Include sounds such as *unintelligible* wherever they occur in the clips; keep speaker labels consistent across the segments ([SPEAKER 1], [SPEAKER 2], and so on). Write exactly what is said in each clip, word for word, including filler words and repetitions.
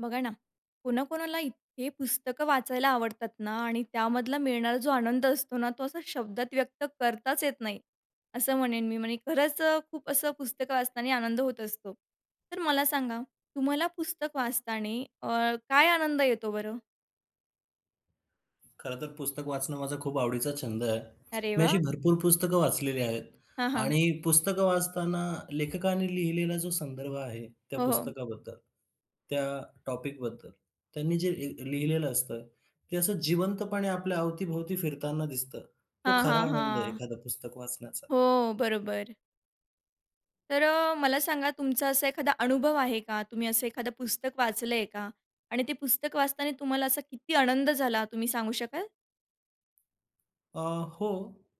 [SPEAKER 1] बघा ना, कोणा कोणाला इतके पुस्तकं वाचायला आवडतात ना आणि त्यामधला मिळणारा जो आनंद असतो ना, तो असा शब्दांत व्यक्त करताच येत नाही. असं म्हणेन मी म्हणजे खरंच अ, खूप असं पुस्तकं वाचताना आनंद होत असतो. तर मला सांगा तुम्हाला पुस्तक वाचताना अ, काय आनंद येतो बरं?
[SPEAKER 2] खरं तर पुस्तक वाचणं माझा खूप आवडीचा छंद आहे.
[SPEAKER 1] अरे
[SPEAKER 2] मी अशी
[SPEAKER 1] वाह!
[SPEAKER 2] भरपूर पुस्तकं वाचलेली आहेत.
[SPEAKER 1] हां, हां.
[SPEAKER 2] आणि पुस्तकं वाचताना लेखकांनी लिहिलेला जो संदर्भ आहे, त्या
[SPEAKER 1] हो, हो.
[SPEAKER 2] पुस्तकाबद्दल, त्या टॉपिकबद्दल, त्यांनी जे ए लिहिलेलं असतं, ते असं जिवंतपणे आपल्या अवती-भोवती फिरताना दिसतं. तो
[SPEAKER 1] हां,
[SPEAKER 2] खरा
[SPEAKER 1] हां,
[SPEAKER 2] आनंद आहे
[SPEAKER 1] हां.
[SPEAKER 2] एखादं पुस्तक वाचण्याचा.
[SPEAKER 1] हो, बरोबर. तर अ, मला सांगा तुमचा असा एखादा अनुभव आहे का? तुम्ही असं एखादं पुस्तक वाचलंय का? आणि ते पुस्तक वाचताना तुम्हाला असा किती आनंद झाला तुम्ही सांगू शकाल?
[SPEAKER 2] अ, हो,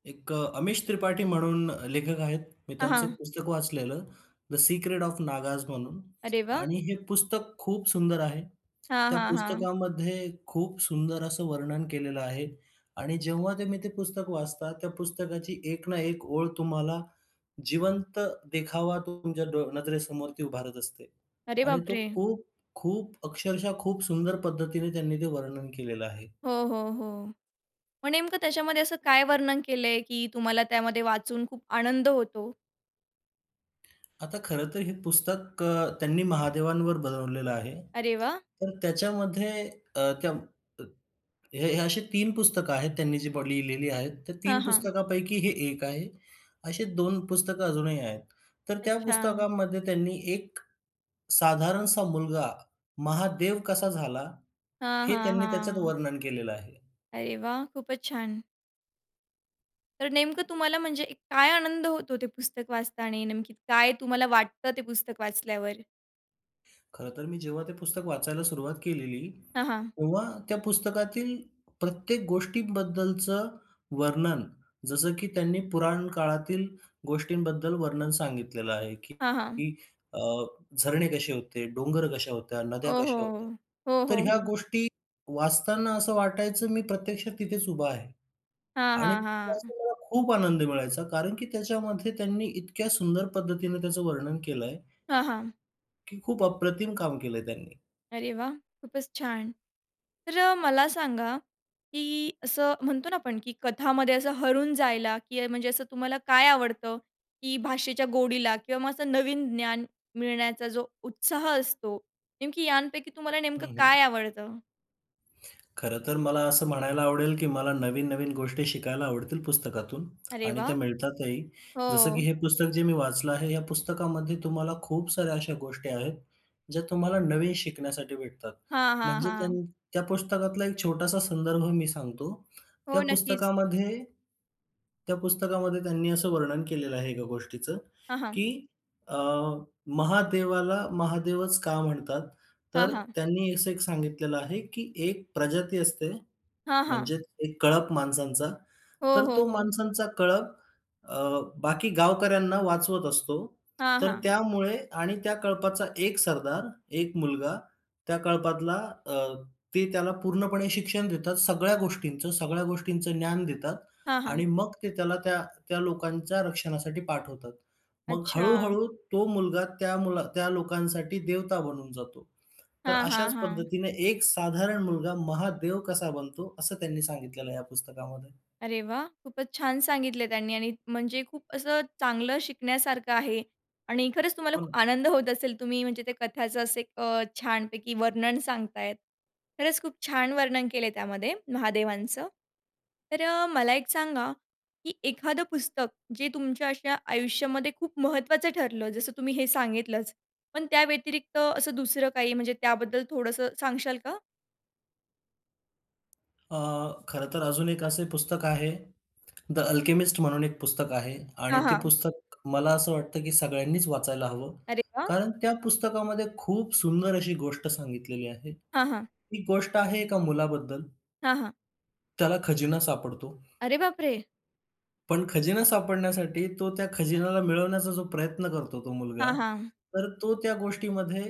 [SPEAKER 2] एक अ, अमिश त्रिपाठी म्हणून लेखक आहेत. मी
[SPEAKER 1] हां,
[SPEAKER 2] त्यांचं एक
[SPEAKER 1] हां.
[SPEAKER 2] पुस्तक वाचलेलं, "द सीक्रेट ऑफ नागाज" म्हणून
[SPEAKER 1] अरे वाह!
[SPEAKER 2] आणि हे पुस्तक खूप सुंदर आहे.
[SPEAKER 1] हां,
[SPEAKER 2] त्या
[SPEAKER 1] हां, हां.
[SPEAKER 2] पुस्तकामध्ये, खूप सुंदर असं वर्णन केलेलं आहे. आणि जेव्हा तुम्ही ते पुस्तक वाचता, त्या पुस्तकाची एक ना एक ओळ तुम्हाला जिवंत देखावा तो तुमच्या डो नजरेसमोर ती उभारत असते.
[SPEAKER 1] अरे
[SPEAKER 2] आणि तो
[SPEAKER 1] बापरे!
[SPEAKER 2] खूप, खूप अक्षरशः खूप सुंदर पद्धतीने त्यांनी ते वर्णन केलेलं आहे.
[SPEAKER 1] हो, हो, हो. मग नेमकं त्याच्यामध्ये असं काय वर्णन केलंय की तुम्हाला त्यामध्ये वाचून खूप आनंद होतो?
[SPEAKER 2] आता खरं तर, हे पुस्तक अ, त्यांनी महादेवांवर बनवलेलं आहे.
[SPEAKER 1] अरे वाह!
[SPEAKER 2] तर त्याच्यामध्ये, अ, कम हे अशे तीन पुस्तकं आहेत, त्यांनी जी बा लिहिलेली आहेत, तर
[SPEAKER 1] हां,
[SPEAKER 2] तीन
[SPEAKER 1] हां.
[SPEAKER 2] पुस्तकांपैकी, हे एक आहे अशे दोन पुस्तकं, अजूनही आहेत. तर त्या
[SPEAKER 1] अच्छा.
[SPEAKER 2] पुस्तकामध्ये, त्यांनी एक, साधारणसा मुलगा, महादेव कसा झाला,
[SPEAKER 1] हां,
[SPEAKER 2] हे
[SPEAKER 1] हां,
[SPEAKER 2] त्यांनी त्याच्यात
[SPEAKER 1] हां.
[SPEAKER 2] वर्णन केलेलं आहे.
[SPEAKER 1] अरे वाह! खूपच छान. तर नेमकं तुम्हाला म्हणजे एक काय आनंद होतो ते पुस्तक वाचताने आणि नेमकी काय तुम्हाला वाटतं ते पुस्तक वाचल्यावर?
[SPEAKER 2] खरं तर, मी जेव्हा ते पुस्तक वाचायला सुरुवात केलेली,
[SPEAKER 1] हां, हां.
[SPEAKER 2] *clicks tongue* तेव्हा त्या पुस्तकातील प्रत्येक गोष्टींबद्दलचं वर्णन, जसं की त्यांनी पुराण काळातील गोष्टींबद्दल वर्णन सांगितलेलं आहे,
[SPEAKER 1] हां, हां.
[SPEAKER 2] की अ, झरणे कसे होते, डोंगर कसे होते,
[SPEAKER 1] हो,
[SPEAKER 2] नद्या कशा होत्या.
[SPEAKER 1] हो, हो,
[SPEAKER 2] तर
[SPEAKER 1] हो,
[SPEAKER 2] ह्या
[SPEAKER 1] हो.
[SPEAKER 2] गोष्टी वाचताना, असं वाटायचं, मी प्रत्यक्षात तिथेच उभा आहे
[SPEAKER 1] हां,
[SPEAKER 2] आणि
[SPEAKER 1] हां,
[SPEAKER 2] त्याचा
[SPEAKER 1] हां.
[SPEAKER 2] मला खूप आनंद मिळायचा, कारण की त्याच्यामध्ये त्यांनी, इतक्या सुंदर पद्धतीने त्याचं वर्णन केलं आहे.
[SPEAKER 1] हां, हां.
[SPEAKER 2] की खूप अप्रतिम काम केलंय त्यांनी.
[SPEAKER 1] अरे वाह! खूपच छान. तर मला सांगा, की असं म्हणतो ना आपण, की कथामध्ये असं हरवून जायला, की म्हणजे असं तुम्हाला काय आवडतं? की भाषेच्या गोडीला, किंवा मग असं नवीन ज्ञान मिळण्याचा जो उत्साह असतो. नेमकी यांपैकी तुम्हाला
[SPEAKER 2] हं,
[SPEAKER 1] नेमकं
[SPEAKER 2] हं.
[SPEAKER 1] काय आवडतं?
[SPEAKER 2] खरं तर मला असं म्हणायला आवडेल, की मला नवीन नवीन गोष्टी शिकायला आवडतील पुस्तकातून
[SPEAKER 1] अरे
[SPEAKER 2] आणि त्या
[SPEAKER 1] वाह!
[SPEAKER 2] मिळतातही, जसं की
[SPEAKER 1] हो.
[SPEAKER 2] हे पुस्तक जे मी वाचलं आहे. या पुस्तकामध्ये तुम्हाला खूप साऱ्या अशा गोष्टी आहेत ज्या तुम्हाला नवीन शिकण्यासाठी भेटतात.
[SPEAKER 1] हां, हां,
[SPEAKER 2] म्हणजे त्या,
[SPEAKER 1] हां.
[SPEAKER 2] त्या पुस्तकातला एक छोटासा संदर्भ मी सांगतो.
[SPEAKER 1] हो,
[SPEAKER 2] त्या
[SPEAKER 1] नक्कीच.
[SPEAKER 2] पुस्तकामध्ये त्या पुस्तकामध्ये त्यांनी असं वर्णन केलेलं आहे एका गोष्टीचं,
[SPEAKER 1] हां, हां.
[SPEAKER 2] की अ, महादेवाला महादेवच का म्हणतात?
[SPEAKER 1] हां,
[SPEAKER 2] तर
[SPEAKER 1] हां.
[SPEAKER 2] त्यांनी असं एक सांगितलेलं आहे, की एक प्रजाती असते,
[SPEAKER 1] हां, हां.
[SPEAKER 2] म्हणजे एक कळप माणसांचा.
[SPEAKER 1] हो,
[SPEAKER 2] तर
[SPEAKER 1] हो,
[SPEAKER 2] तो
[SPEAKER 1] हो.
[SPEAKER 2] माणसांचा कळप अ, बाकी गावकऱ्यांना वाचवत असतो.
[SPEAKER 1] हां,
[SPEAKER 2] तर
[SPEAKER 1] हां.
[SPEAKER 2] त्यामुळे आणि त्या कळपाचा एक सरदार, एक मुलगा त्या कळपातला, अ, ते त्याला पूर्णपणे शिक्षण देतात सगळ्या गोष्टींचं, सगळ्या गोष्टींचं ज्ञान देतात
[SPEAKER 1] हां, हां.
[SPEAKER 2] आणि मग ते त्याला त्या, त्या लोकांच्या रक्षणासाठी पाठवतात. मग
[SPEAKER 1] अच्छा.
[SPEAKER 2] हळू-हळू तो मुलगा त्या मुला त्या लोकांसाठी देवता बनून जातो. तर
[SPEAKER 1] हां, हां,
[SPEAKER 2] अशाच
[SPEAKER 1] हां.
[SPEAKER 2] पद्धतीनं एक साधारण मुलगा महादेव कसा बनतो, असं त्यांनी सांगितलेलं आहे या पुस्तकामध्ये.
[SPEAKER 1] अरे वाह! खूपच छान सांगितले त्यांनी आणि म्हणजे खूप असं चांगलं शिकण्यासारखं आहे आणि खरंच तुम्हाला
[SPEAKER 2] हो
[SPEAKER 1] खूप
[SPEAKER 2] ना.
[SPEAKER 1] आनंद होत असेल, तुम्ही म्हणजे त्या कथाचं असं अ, छानपैकी वर्णन सांगतायत. खरंच खूप छान वर्णन केलंय त्यामध्ये महादेवांचं. तर मला एक सांगा, की एखादं पुस्तक जे तुमच्या अशा आयुष्यामध्ये खूप महत्त्वाचं ठरलं, जसं तुम्ही हे सांगितलंच, पण त्या व्यतिरिक्त असं दुसरं काही, म्हणजे त्याबद्दल थोडंसं सांगशाल का?
[SPEAKER 2] अ, खरं तर अजून एक असे पुस्तक आहे, The Alchemist म्हणून एक पुस्तक आहे. आणि
[SPEAKER 1] हां,
[SPEAKER 2] ते
[SPEAKER 1] हां.
[SPEAKER 2] पुस्तक मला असं वाटतं, की सगळ्यांनीच वाचायला हवं.
[SPEAKER 1] अरे वा!
[SPEAKER 2] कारण त्या पुस्तकामध्ये खूप सुंदर अशी गोष्ट सांगितलेली आहे.
[SPEAKER 1] हां, हां.
[SPEAKER 2] ही गोष्ट आहे एका मुलाबद्दल.
[SPEAKER 1] हां, हां.
[SPEAKER 2] त्याला खजिना सापडतो.
[SPEAKER 1] अरे बापरे!
[SPEAKER 2] पण खजिना सापडण्यासाठी तो त्या खजिन्याला मिळवण्याचा जो प्रयत्न करतो तो मुलगा.
[SPEAKER 1] हां, हां.
[SPEAKER 2] तर तो त्या गोष्टीमध्ये,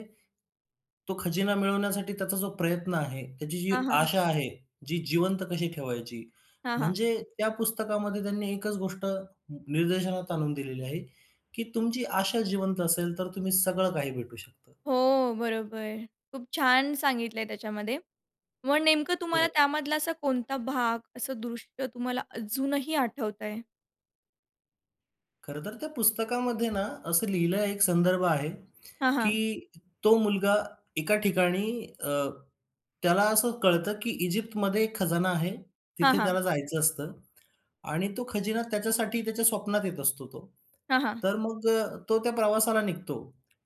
[SPEAKER 2] तो खजिना मिळवण्यासाठी त्याचा जो प्रयत्न आहे, त्याची जी
[SPEAKER 1] हां, हां.
[SPEAKER 2] आशा आहे, ती जिवंत कशी ठेवायची?
[SPEAKER 1] हां, हां.
[SPEAKER 2] म्हणजे त्या पुस्तकामध्ये त्यांनी एकच गोष्ट निर्देशनात आणून दिलेली आहे, की तुमची आशा जिवंत असेल, तर तुम्ही सगळं काही भेटू शकतं.
[SPEAKER 1] हो, बरोबर, खूप छान सांगितलंय त्याच्यामध्ये. मग नेमकं तुम्हाला
[SPEAKER 2] होय.
[SPEAKER 1] त्यामधला असा कोणता भाग असं दृश्य तुम्हाला अजूनही आठवतो आहे?
[SPEAKER 2] खरं तर त्या पुस्तकामध्ये ना असं लिहिलं एक संदर्भ आहे,
[SPEAKER 1] हां, हां.
[SPEAKER 2] की तो मुलगा एका ठिकाणी अ, त्याला असं कळतं, की इजिप्तमध्ये एक खजाना आहे.
[SPEAKER 1] हां,
[SPEAKER 2] तिथे
[SPEAKER 1] हां.
[SPEAKER 2] त्याला जायचं असतं. आणि तो खजिना त्याच्यासाठी त्याच्या स्वप्नात येत असतो तो.
[SPEAKER 1] हां, हां.
[SPEAKER 2] तर मग अ, तो त्या प्रवासाला निघतो,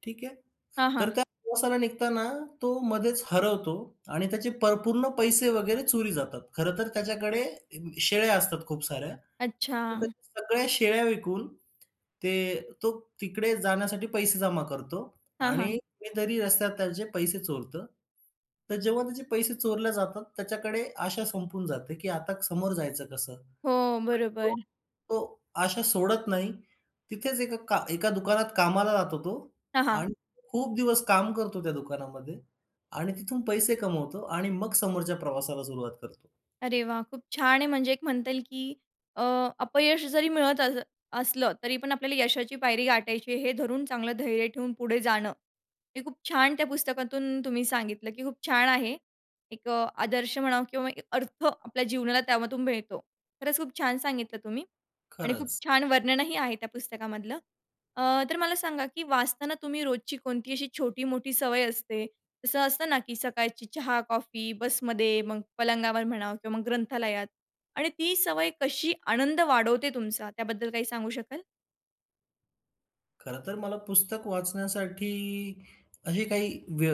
[SPEAKER 2] ठीक आहे.
[SPEAKER 1] हां,
[SPEAKER 2] तर
[SPEAKER 1] हां.
[SPEAKER 2] त्या प्रवासाला निघताना तो मधेच हरवतो आणि त्याचे प पूर्ण पैसे वगैरे चोरी जातात. खरं तर त्याच्याकडे शेळ्या असतात खूप साऱ्या. तर त्या
[SPEAKER 1] अच्छा.
[SPEAKER 2] सगळ्या शेळ्या विकून ते तो तिकडे जाण्यासाठी पैसे जमा करतो.
[SPEAKER 1] हां,
[SPEAKER 2] आणि
[SPEAKER 1] हां.
[SPEAKER 2] कुणीतरी रस्त्यात त्याचे पैसे चोरतं. तर जेव्हा त्याचे पैसे चोरले जातात, त्याच्याकडे आशा संपून जाते, की आता समोर जायचं कसं? पण
[SPEAKER 1] हो,
[SPEAKER 2] तो
[SPEAKER 1] बरोबर.
[SPEAKER 2] तो आशा सोडत नाही. तिथेच एका का एका दुकानात कामाला जातो तो
[SPEAKER 1] हां, हां.
[SPEAKER 2] आणि खूप दिवस काम करतो त्या दुकानामध्ये आणि तिथून पैसे कमवतो आणि मग समोरच्या प्रवासाला सुरुवात करतो.
[SPEAKER 1] अरे वाह! खूप छान आहे. म्हणजे एक म्हणता येईल, की अ, अपयश जरी मिळत अस असलं, तरीपण आपल्याला यशाची पायरी गाठायची आहे, हे धरून चांगलं धैर्य ठेवून पुढे जाणं. हे खूप छान त्या पुस्तकातून तुम्ही सांगितलं की खूप छान आहे. एक अ, आदर्श म्हणा किंवा एक अर्थ आपल्या जीवनाला त्यामधून मिळतो. खरंच खूप छान सांगितलं तुम्ही आणि खूप
[SPEAKER 2] खरंच.
[SPEAKER 1] छान वर्णनही आहे त्या पुस्तकामधलं. अ, तर मला सांगा, की वाचताना तुम्ही रोजची कोणती अशी छोटी-मोठी सवय असते? तसं असतं ना, की सकाळची चहा, कॉफी, बसमध्ये, मग पलंगावर म्हणा किंवा मग ग्रंथालयात. आणि ती सवय कशी आनंद वाढवते तुमचा? त्याबद्दल काही सांगू शकाल?
[SPEAKER 2] खरंतर मला पुस्तक वाचण्यासाठी अशी काही व्य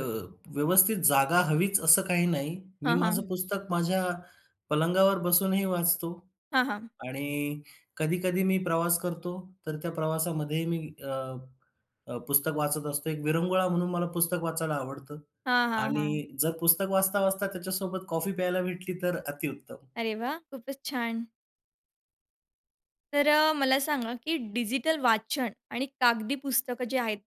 [SPEAKER 2] व्यवस्थित जागा हवीच, असं काही नाही. मी
[SPEAKER 1] हां,
[SPEAKER 2] माझं
[SPEAKER 1] हां.
[SPEAKER 2] पुस्तक माझ्या पलंगावर बसूनही वाचतो.
[SPEAKER 1] हां, हां.
[SPEAKER 2] आणि कधी-कधी मी प्रवास करतो, तर त्या प्रवासामध्ये मी अ, अ, पुस्तक वाचत असतो. एक विरंगुळा म्हणून मला पुस्तक वाचायला आवडतं.
[SPEAKER 1] हां, हां, हां.
[SPEAKER 2] आणि जर पुस्तक वाचता, वाचता त्याच्यासोबत कॉफी प्यायला भेटली, तर अतिउत्तम.
[SPEAKER 1] अरे वाह! खूपच छान. तर मला सांगा, की डिजिटल वाचन आणि कागदी पुस्तकं जी आहेत,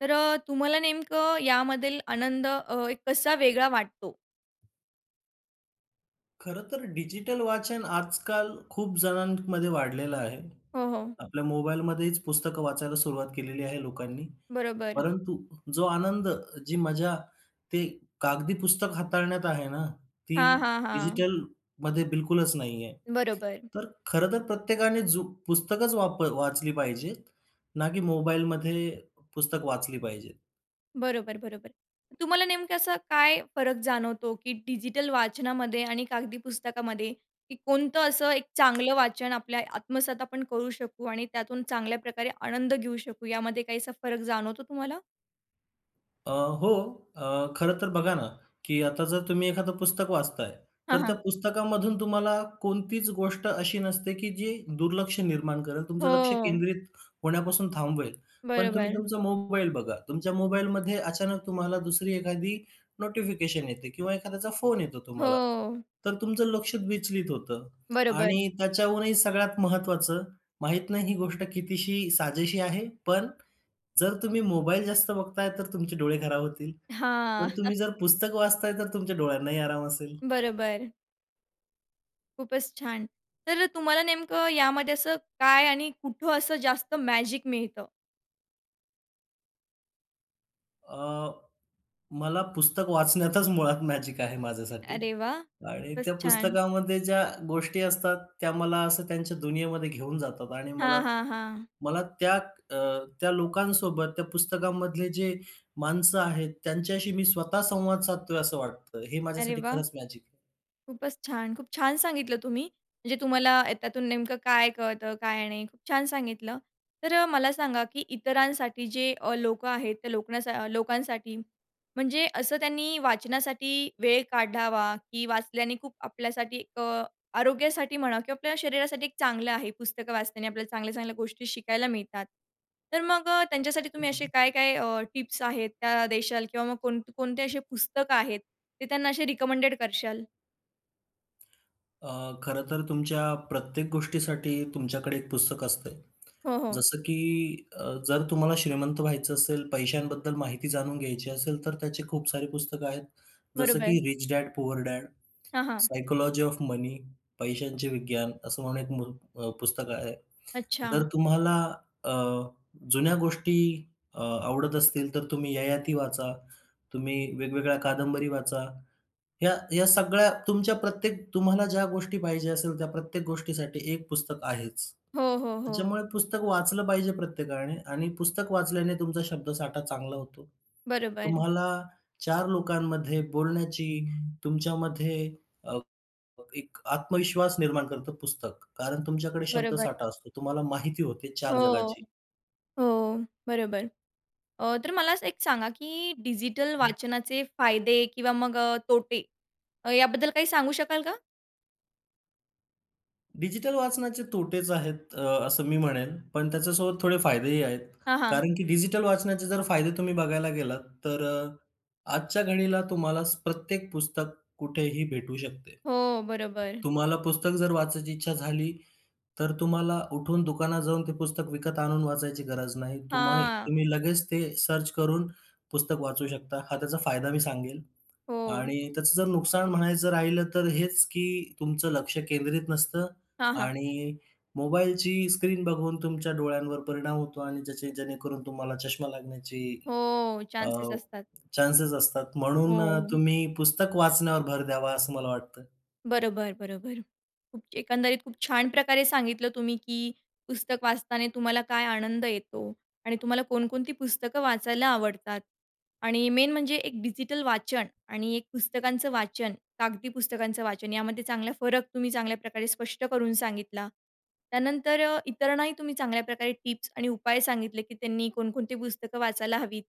[SPEAKER 1] तर अ, तुम्हाला नेमकं यामधील आनंद अ, कसा वेगळा वाटतो?
[SPEAKER 2] खरं तर डिजिटल वाचन आजकाल खूप जणांमध्ये वाढलेलं आहे.
[SPEAKER 1] हो, हो.
[SPEAKER 2] आपल्या मोबाईलमध्येच पुस्तकं वाचायला सुरुवात केलेली आहे लोकांनी.
[SPEAKER 1] बरोबर.
[SPEAKER 2] परंतु जो आनंद, जी मजा ते कागदी पुस्तक हाताळण्यात आहे ना, ती
[SPEAKER 1] हां, हां, हां.
[SPEAKER 2] डिजिटलमध्ये बिलकुलच नाही आहे.
[SPEAKER 1] बरोबर.
[SPEAKER 2] तर खरं तर प्रत्येकाने जो पुस्तकंच वाप वाचली पाहिजेत, ना की मोबाईलमध्ये पुस्तकं वाचली पाहिजेत.
[SPEAKER 1] बरोबर, बरोबर. तुम्हाला नेमकं असं काय फरक जाणवतो, की डिजिटल वाचनामध्ये आणि कागदी पुस्तकामध्ये, की कोणतं असं एक चांगलं वाचन आपल्या आत्मसात आपण करू शकू आणि त्यातून चांगल्या प्रकारे आनंद घेऊ शकू? यामध्ये काही असा फरक जाणवतो तुम्हाला?
[SPEAKER 2] अ, हो अ, खरं तर बघा ना, की आता जर तुम्ही एखादं पुस्तक वाचताय,
[SPEAKER 1] हां,
[SPEAKER 2] तर त्या
[SPEAKER 1] हां.
[SPEAKER 2] पुस्तकामधून तुम्हाला कोणतीच गोष्ट अशी नसते, की जे दुर्लक्ष निर्माण करेल, तुमचं लक्ष
[SPEAKER 1] हो.
[SPEAKER 2] केंद्रित होण्यापासून थांबवेल. पण तुम्ही
[SPEAKER 1] बरोबर.
[SPEAKER 2] तुमचा मोबाईल बघा. तुमच्या मोबाईलमध्ये अचानक तुम्हाला दुसरी एखादी नोटिफिकेशन येते किंवा एखाद्याचा फोन येतो तुम्हाला,
[SPEAKER 1] हो.
[SPEAKER 2] तर तुमचं लक्ष विचलित होतं
[SPEAKER 1] बरोबर.
[SPEAKER 2] आणि त्याच्याहूनही सगळ्यात महत्त्वाचं, माहीत नाही ही गोष्ट कितीशी साजेशी आहे, पण जर तुम्ही मोबाईल जास्त बघताय, तर तुमचे डोळे खराब होतील.
[SPEAKER 1] हां.
[SPEAKER 2] पण तुम्ही
[SPEAKER 1] *chuckles*
[SPEAKER 2] जर पुस्तक वाचताय, तर तुमच्या डोळ्यांनाही आराम असेल.
[SPEAKER 1] बरोबर. खूपच छान! तर तुम्हाला नेमकं यामध्ये असं काय आणि कुठं असं जास्त मॅजिक मिळतं?
[SPEAKER 2] अ, मला पुस्तक वाचण्यातच मुळात मॅजिक आहे माझ्यासाठी
[SPEAKER 1] अरे वाह!
[SPEAKER 2] आणि
[SPEAKER 1] खूपच
[SPEAKER 2] त्या
[SPEAKER 1] छान.
[SPEAKER 2] पुस्तकामध्ये ज्या गोष्टी असतात, त्या मला असं त्यांच्या दुनियेमध्ये घेऊन जातात. आणि मला
[SPEAKER 1] हां, हां, हां.
[SPEAKER 2] मला त्या अ, त्या लोकांसोबत, त्या पुस्तकांमधले जे माणसं आहेत, त्यांच्याशी मी स्वतः संवाद साधतोय असं वाटतं. हे
[SPEAKER 1] अरे
[SPEAKER 2] माझ्यासाठी
[SPEAKER 1] वाह!
[SPEAKER 2] खरंच मॅजिक आहे.
[SPEAKER 1] खूपचं छान! खूप छान सांगितलं तुम्ही. म्हणजे तुम्हाला अ, याच्यातून नेमकं काय कळतं, काय नाही, खूप छान सांगितलं. तर अ, मला सांगा, की इतरांसाठी जे अ, लोकं आहेत, त्या लोक लोकांसाठी, म्हणजे असं, त्यांनी वाचनासाठी वेळ काढावा, की वाचल्याने खूप, आपल्यासाठी, अ, आरोग्यासाठी म्हणा किंवा आपल्या शरीरासाठी एक चांगलं आहे. पुस्तकं वाचल्याने आपल्याला चांगल्या-चांगल्या गोष्टी शिकायला मिळतात. तर मग अ, त्यांच्यासाठी
[SPEAKER 2] हं,
[SPEAKER 1] तुम्ही असे
[SPEAKER 2] हं.
[SPEAKER 1] काय-काय अ, टिप्स आहेत, त्या देशाल किंवा मग कोणकोणते असे पुस्तकं आहेत, ते त्यांना असे रिकमेंडेड करशाल?
[SPEAKER 2] अ, खरं तर तुमच्या प्रत्येक गोष्टीसाठी तुमच्याकडे एक पुस्तक असतं,
[SPEAKER 1] हो, हो.
[SPEAKER 2] जसं की अ, जर तुम्हाला श्रीमंत व्हायचं असेल, पैशांबद्दल माहिती जाणून घ्यायची असेल, तर त्याचे खूप सारी पुस्तकं आहेत. जसं
[SPEAKER 1] बरोबर.
[SPEAKER 2] की रिच डॅड, पुअर डॅड,
[SPEAKER 1] हां, हां.
[SPEAKER 2] सायकॉलॉजी ऑफ मनी, पैशांचे विज्ञान असं. म्हणून एक मु पुस्तक आहे. जर
[SPEAKER 1] अच्छा.
[SPEAKER 2] तुम्हाला अ, जुन्या गोष्टी अ, आवडत असतील, तर तुम्ही ययाती वाचा, तुम्ही वेगवेगळ्या कादंबरी वाचा. ह्या ह्या सगळ्या, तुमच्या प्रत्येक तुम्हाला ज्या गोष्टी पाहिजे असेल, त्या प्रत्येक गोष्टीसाठी एक पुस्तक आहेच.
[SPEAKER 1] हो, हो, हो.
[SPEAKER 2] त्याच्यामुळे पुस्तक वाचलं पाहिजे प्रत्येकाने आणि पुस्तक वाचल्याने तुमचा शब्दसाठा चांगला होतो.
[SPEAKER 1] बरोबर.
[SPEAKER 2] तुम्हाला चार लोकांमध्ये बोलण्याची तुमच्यामध्ये अ, एक आत्मविश्वास निर्माण करतं पुस्तक. कारण तुमच्याकडे
[SPEAKER 1] बरोबर.
[SPEAKER 2] शब्दसाठा असतो, तुम्हाला माहिती होते चार
[SPEAKER 1] हो,
[SPEAKER 2] जगाची.
[SPEAKER 1] हो, बरोबर, अ, तर मला असं एक सांगा, की डिजिटल वाचनाचे फायदे किंवा मग अ, तोटे, याबद्दल काही सांगू शकाल का?
[SPEAKER 2] डिजिटल वाचनाचे तोटेच आहेत, अ, असं मी म्हणेन, पण त्याच्यासोबत थोडे फायदेही आहेत.
[SPEAKER 1] हां, हां.
[SPEAKER 2] कारण की डिजिटल वाचनाचे जर फायदे तुम्ही बघायला गेलात तर अ, आजच्या घडीला तुम्हाला प्रत्येक पुस्तक कुठेही भेटू शकते.
[SPEAKER 1] हो, बरोबर.
[SPEAKER 2] तुम्हाला पुस्तक जर वाचायची इच्छा झाली, तर तुम्हाला उठून दुकानात जाऊन ते पुस्तक विकत आणून वाचायची गरज नाही. तुम्हाई
[SPEAKER 1] हां.
[SPEAKER 2] लगेच ते सर्च करून पुस्तक वाचू शकता. हा त्याचा फायदा मी सांगेन
[SPEAKER 1] हो.
[SPEAKER 2] आणि त्याचं जर नुकसान म्हणायचं राहिलं, तर हेच की तुमचं लक्ष केंद्रित नसतं
[SPEAKER 1] हां, हां.
[SPEAKER 2] आणि मोबाईलची स्क्रीन बघून तुमच्या डोळ्यांवर परिणाम होतो आणि त्याचे जेणेकरून तुम्हाला चष्मा लागण्याची
[SPEAKER 1] हो,
[SPEAKER 2] अ,
[SPEAKER 1] चान्सेस असतात.
[SPEAKER 2] चान्सेस असतात. म्हणून
[SPEAKER 1] हो.
[SPEAKER 2] तुम्ही पुस्तक वाचण्यावर भर द्यावा, असं मला वाटतं.
[SPEAKER 1] बरोबर, बरोबर. *unintelligible* एकंदरीत खूप छान प्रकारे सांगितलं तुम्ही की पुस्तक वाचताना तुम्हाला काय आनंद येतो आणि तुम्हाला कोणकोणती पुस्तकं वाचायला आवडतात आणि मेन म्हणजे एक डिजिटल वाचन आणि एक पुस्तकांचं वाचन, कागदी पुस्तकांचं वाचन यामध्ये चांगला फरक तुम्ही चांगल्या प्रकारे स्पष्ट करून सांगितला. त्यानंतर अ, इतरांनाही तुम्ही चांगल्या प्रकारे टिप्स आणि उपाय सांगितले की त्यांनी कोणकोणती पुस्तकं वाचायला हवीत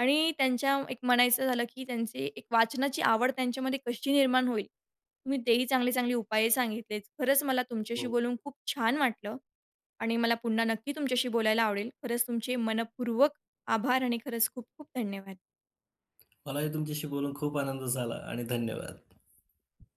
[SPEAKER 1] आणि त्यांच्या एक म्हणायचं झालं की, त्यांचे एक वाचनाची आवड त्यांच्यामध्ये कशी निर्माण होईल, तुम्ही तेही चांगले-चांगले उपाय सांगितलेत. खरंच मला तुमच्याशी
[SPEAKER 2] हो.
[SPEAKER 1] बोलून खूप छान वाटलं आणि मला पुन्हा नक्की तुमच्याशी बोलायला आवडेल. खरंच तुमचे मनःपूर्वक आभार आणि खरंच खूप-खूप धन्यवाद.
[SPEAKER 2] *clicks tongue* मलाही तुमच्याशी बोलून खूप आनंद झाला आणि धन्यवाद.